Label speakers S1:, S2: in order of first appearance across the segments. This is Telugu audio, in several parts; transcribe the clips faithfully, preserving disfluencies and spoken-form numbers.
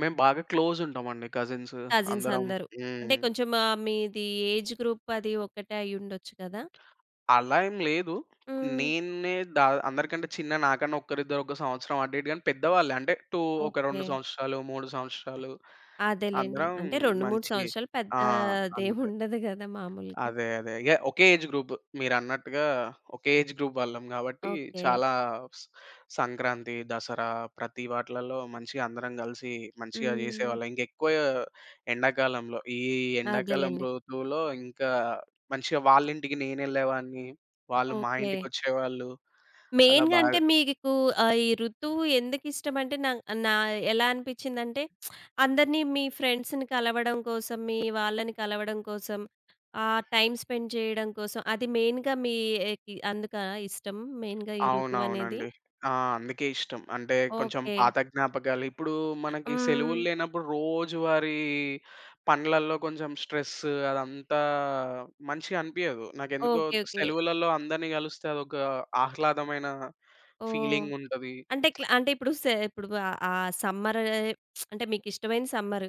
S1: మేము బాగా క్లోజ్ ఉంటామండి కజిన్స్
S2: కజిన్స్
S1: అందరం.
S2: అందరూ అంటే
S1: హ్మ్.
S2: కొంచెం ఆహ్, మీది ఏజ్ గ్రూప్ అది ఒక్కటే అయ్యుండొచ్చు కదా!
S1: అలా ఏం లేదు.
S2: హ్మ్.
S1: నేన్నే ద అందరికంటే చిన్న! నాకన్నా ఒక్కరిద్దరు ఒక సంవత్సరం అటు ఇటు గాని, పెద్దవాళ్ళే అంటే టూ ఒక రెండు
S2: ఓకే.
S1: సంవత్సరాలు, మూడు సంవత్సరాలు
S2: అదేలెండి.
S1: అందరం
S2: అంటే రెండు మూడు
S1: మంచి
S2: సంవత్సరాలు
S1: ఆ!
S2: పెద్దా అదేం
S1: అంతే.
S2: ఉండదు కదా! మాములుగా.
S1: అదే అదే, ఇగ ఒకే ఏజ్ గ్రూప్ మీరన్నట్టుగా ఒకే ఏజ్ గ్రూప్ వాళ్ళం గాబట్టి
S2: ఓకే.
S1: చాలా స్ సంక్రాంతి, దసరా ప్రతి వాటిలల్లో మంచిగా అందరం గలిసి మంచిగా
S2: హ్మ్.
S1: జేసేవాళ్ళం. ఇంకెక్కువ ఎండాకాలంలో ఈ ఎండాకాలం
S2: అదేలెండి.
S1: ఋతువులో ఇంకా మంచిగా వాళ్ళింటికి నేనెళ్ళేవాన్ని. వాళ్ళు మా
S2: ఓకే.
S1: ఇంటికొచ్చేవాళ్ళు. అలా
S2: మెయిన్‌గా అంటే
S1: బాగా
S2: మీకు ఆహ్, ఈ ఋతువు ఎందుకు ఇష్టమంటే నా నా ఎలా అనిపించిందంటే అందరిని మీ ఫ్రెండ్స్‌ని కలవడం కోసం, మీ వాళ్ళని కలవడం కోసం, ఆహ్, టైమ్ స్పెండ్ చేయడం కోసం, అది మెయిన్‌గా మీ ఆహ్, కి అందుకా ఇష్టం మెయిన్‌గా ఈ ఋతువనేది?
S1: అవునవునండి. ఆ! అందుకే ఇష్టం. అంటే కొంచెం
S2: ఓకే.
S1: పాత జ్ఞాపకాలు. ఇప్పుడు మనకి
S2: హ్మ్.
S1: సెలవుల్లేనప్పుడు రోజువారీ పనులల్లో కొంచెం స్ట్రెస్ అదంతా మంచిగనిపియ్యదు. నాకెందుకో
S2: ఓకే. ఓకే.
S1: సెలవులలో అందరిని గలుస్తే అదొక ఆహ్లాదమైన
S2: ఓహ్!
S1: ఫీలింగుంటది.
S2: అంటే క్లా అంటే ఇప్పుడు స ఇప్పుడు ఆహ్, ఆ సమ్మర్ అంటే మీకిష్టమైన సమ్మర్.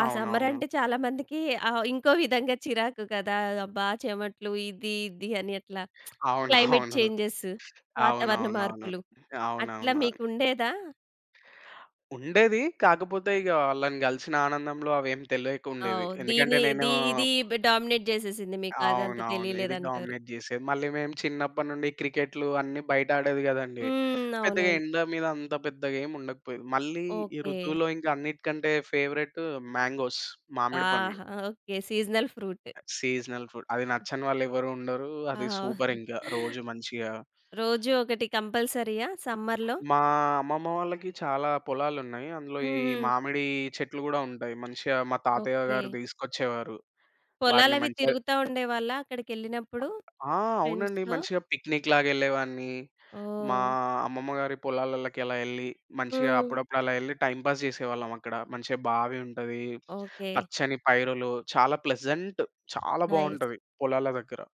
S2: ఆ
S1: అవునవును.
S2: సమ్మరంటే చాలా మందికి ఆహ్, ఇంకో విధంగా చిరాకు కదా! అబ్బా! చెమట్లు ఇది ఇది. అని అట్లా క్లైమేట్
S1: అవునవును.
S2: చేంజెస్ వాతావరణ
S1: అవునవునవును.
S2: మార్పులు. అట్లా
S1: అవునవును.
S2: మీకుండేదా?
S1: ఉండేది. కాకపోతే ఇగ వాళ్ళని గలిసిన ఆనందంలో అవేం తెలియకుండేది.
S2: ఓహ్! దీని
S1: ఎందుకంటే నేను
S2: ది ఇది బ్ డామినేట్ జేసేసింది మీకదంతా
S1: అవునవును. ఇది
S2: తెలియలేదంటారు.
S1: డామినేట్ జేసేది. మళ్ళీ మేము చిన్నప్పటి నుండి క్రికెటులు అన్ని బయట ఆడేది కదండీ!
S2: హ్మ్.
S1: పెద్దగా
S2: అవునవును.
S1: ఎండ మీద అంత పెద్దగా ఏం ఉండకపోయేది. మళ్ళీ ఈ
S2: ఓకే.
S1: ఋతువులో ఇంకా అన్నిటికంటే ఫేవరైట్ మ్యాంగోస్‌ మామిడి పండ్లు.
S2: ఆహా! Okay. Seasonal fruit.
S1: Seasonal food. అది నచ్చని వాళ్ళు ఎవరు ఉండరు.
S2: ఆ!
S1: అది సూపరింకా రోజు మంచిగా
S2: రోజు ఒకటి కంపల్సరీయ సమ్మర్‌లో?
S1: మా అమ్మమ్మ వాళ్ళకి చాలా పొలాలున్నాయి. అందులో ఈ
S2: హుహు.
S1: మామిడి చెట్లు కూడా ఉంటాయి. మంచిగా మా తాతయ్య గారు
S2: ఓకే.
S1: తీసుకొచ్చేవారు. వాటిని
S2: పొలాలవి
S1: మంచిగా
S2: తిరుగుతా ఉండేవాళ్ళా అక్కడికెళ్ళినప్పుడు
S1: ఆ! అవునండి
S2: ఫ్రెండ్స్‌తో?
S1: మంచిగా పిక్‌నిక్ లాగెళ్ళేవాన్ని. మా
S2: ఓహ్!
S1: అమ్మమ్మ గారి పొలాలల్లకి అలా యెళ్లి మంచిగా
S2: హ్మ్.
S1: అప్పుడప్పుడు అలా యెళ్లి టైమ్ పాస్ జేసేవాళ్ళమక్కడ. మంచిగా బావి ఉంటది.
S2: ఓకే.
S1: పచ్చని పైరలు చాలా ప్లెజెంట్, చాలా
S2: నైస్.
S1: బాగుంటది పొలాల దగ్గర.